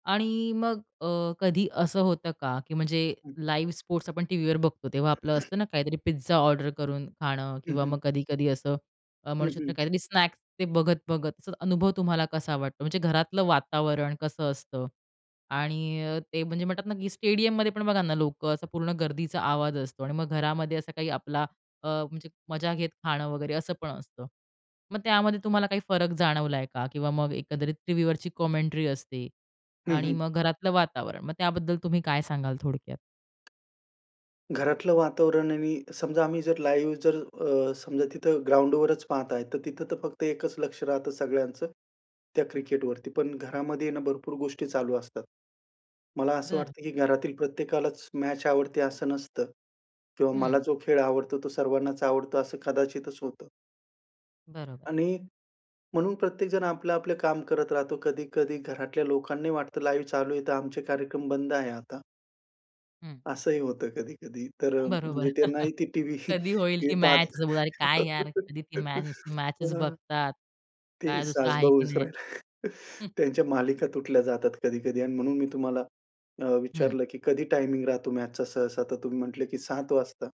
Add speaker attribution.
Speaker 1: आणि मग अ, कधी असं होतं का की म्हणजे लाईव्ह स्पोर्ट्स आपण टीव्हीवर बघतो, तेव्हा आपलं असतं ना काहीतरी पिझ्झा ऑर्डर करून खाणं
Speaker 2: हं,
Speaker 1: किंवा
Speaker 2: हं.
Speaker 1: मग कधी-कधी असं अ, म्हणु
Speaker 2: हं,
Speaker 1: शकतो
Speaker 2: हं.
Speaker 1: काहीतरी स्नॅक्स, ते बघत-बघत अनुभव तुम्हाला कसा वाटतो, म्हणजे घरातलं वातावरण कसं असतं आणि अ, ते म्हणजे म्हणतात ना, की स्टेडियममध्ये पण बघा ना लोकं असा पूर्ण गर्दीचा आवाज असतो. आणि मग घरामध्ये असा काही आपला अ, म्हणजे मजा घेत खाणं वगैरे, असं पण असतं. मग त्यामध्ये तुम्हाला काही फरक जाणवलाय का किंवा मग एकदंरीत टीव्हीवरची कॉमेंटरी असते.
Speaker 2: हं,
Speaker 1: आणि
Speaker 2: हं.
Speaker 1: मग घरातलं वातावरण. मग त्याबद्दल तुम्ही काय सांगाल थोडक्यात?
Speaker 2: घरातलं वातावरण आणि समजा आम्ही जर लाईव्ह, जर अ, समजा तिथं ग्राउंडवरच पाहताय, तर तिथं तर फक्त एकच लक्ष राहतं सगळ्यांचं त्या
Speaker 1: हं.
Speaker 2: क्रिकेटवरती. पण घरामध्ये आहे ना भरपूर गोष्टी चालू असतात. मला असं
Speaker 1: बरं.
Speaker 2: वाटतं, की घरातील प्रत्येकालाच मॅच आवडते, असं नसतं किंवा मला
Speaker 1: हं.
Speaker 2: जो खेळ आवडतो, तो सर्वांनाच आवडतो, असं कदाचितच होतं.
Speaker 1: बरोबर.
Speaker 2: आणि म्हणून प्रत्येकजण आपलं-आपलं काम करत राहतो. कधी-कधी घरातल्या लोकांनाही वाटतं, लाईव्ह चालू आहे, तर आमचे कार्यक्रम बंद आहे आता.
Speaker 1: हं.
Speaker 2: असंही होतं कधी-कधी, तर अं,
Speaker 1: बरोबर.
Speaker 2: म्हणजे त्यांना ही ते टीव्ही,
Speaker 1: कधी होईल ती
Speaker 2: टीव्ही पाहत
Speaker 1: मॅच. [unintelligible] अरे काय यार, कधी ती मॅच. नुसती मॅचच
Speaker 2: हं.
Speaker 1: बघतात.
Speaker 2: ते
Speaker 1: काय दुसरं आहे
Speaker 2: सासबहु
Speaker 1: की नाही?
Speaker 2: विसरायला त्यांच्या मालिका तुटल्या जातात कधी-कधी आणि म्हणून मी तुम्हाला अ,
Speaker 1: हं.
Speaker 2: विचारलं, की कधी टायमिंग राहतो मॅचचा सहसा, तर तुम्ही म्हटले की 07.00 वाजता.